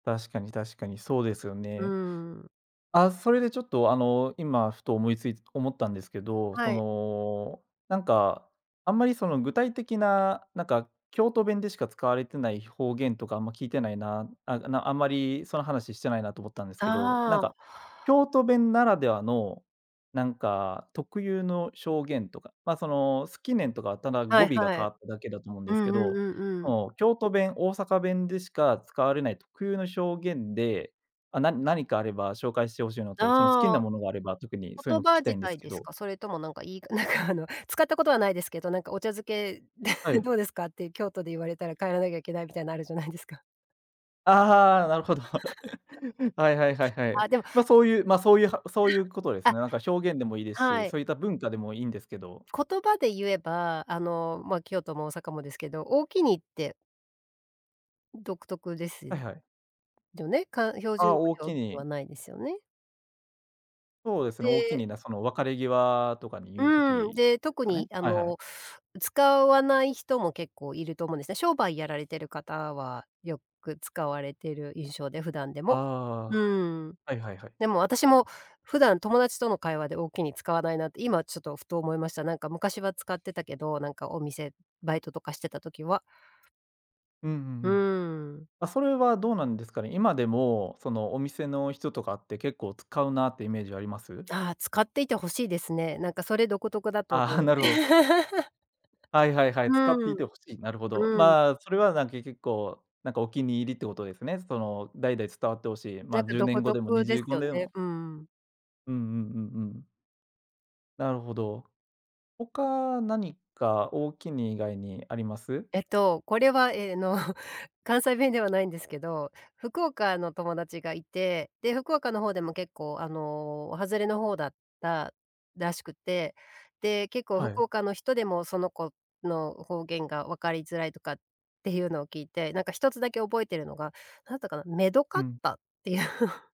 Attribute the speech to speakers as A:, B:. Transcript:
A: 確かに確かに、そうですよ
B: う
A: ね。
B: ーん。
A: あ、それでちょっとあの、今ふと思いつい思ったんですけど、
B: は
A: そ
B: い。
A: の、なんかあんまりその具体的な、なんか京都弁でしか使われてない方言とかあんま、聞いてないな、あ、あの、あんまりその話してないなと思ったんですけど、なん
B: ああ。
A: か京都弁ならではの、なんか、特有のしょうげんとか、ま、その「好きねん」とかは、ただ
B: は
A: 語
B: い
A: 尾が
B: は
A: 変
B: い。
A: わっただけだと思うん
B: う
A: です
B: ん
A: け
B: うん
A: ど、
B: うんう
A: そ
B: ん。
A: の京都弁、大阪弁でしか使われない特有のしょうげんで、あ、な何かあれば紹介してほしいのと、その好き
B: あ
A: な
B: あ。
A: ものがあれば、特にそういう
B: 言
A: の聞
B: 葉
A: きた
B: 自
A: いんです
B: 体
A: け
B: です
A: ど。
B: か？それともなんかいいなんかあの、使ったことはないですけど、なんかお茶漬け、
A: は い。
B: どうですかって京都で言われたら帰らなきゃいけないみたいなるじゃないですか。
A: ああ、はあ、なるほど。はいはいはいは い。
B: あ、でも
A: ま、そういう、ま、そういう、は
B: え、
A: そういうことで
B: は
A: す
B: う、あ。
A: ね。なんか表現でもいいです
B: は
A: し、
B: い。
A: そういった文化でもいいんですけど。
B: 言葉で言えば、あの、まあ、京都も大阪もですけど、おおきにって独特です
A: はいはい。
B: よね。かん標
A: あ
B: 準
A: あ、
B: 語
A: おお
B: には、おお
A: き
B: きには
A: に。
B: ないですよね。
A: そうですね、おおき
B: で
A: に、な、その別れ際とかに言う
B: うん、
A: 時
B: で、
A: です
B: 特
A: かね？
B: にあ
A: はいはい。
B: の、使わない人も結構いると思うんですね。商売やられてる方は、よく使われてる印象で、普段で
A: あ
B: も。
A: あ、
B: うん。
A: はいはいはい。
B: でも私も普段友達との会話で、おおきに、使わないなって、今ちょっとふと思いました。なんか昔は使ってたけど、なんかお店、バイトとかしてた時は。
A: うんうん
B: う
A: うん。
B: ん。
A: あ、それはどうなんですかね、今でもそのお店の人とかって結構、使うなってイメージあります？
B: ああ、使っていて欲しいですね。なんかそれ独特だと
A: あ
B: 思う
A: あ、
B: ろ。
A: なるほど。はいはいはい、使って
B: う
A: い
B: ん。
A: てほしい、なるほど。
B: うん。
A: まあ、それはなん結局、こう、なんかお気に入りってことですね。その代々伝わってほしい、
B: な
A: ま、
B: んか
A: じゅうね
B: 独
A: んごでも、に
B: 特
A: じ
B: で
A: ゅ
B: す
A: うご
B: よ
A: で
B: ね、
A: も。
B: うんうん。
A: うんうんうんうん。なるほど。他、何か、おおきに以外にあります？
B: えっと、これはええの、関西弁ではないんですけど、福岡の友達がいて、で、福岡の方でも結構あの、外れの方だったらしくて、で、結構
A: は
B: 福
A: い。
B: 岡の人でもその子の方言が分かりづらいとかっていうのを聞いて、何かひとつだけ覚えてるのが、なったかな「めどか
A: う
B: っ
A: ん。
B: た」っていう。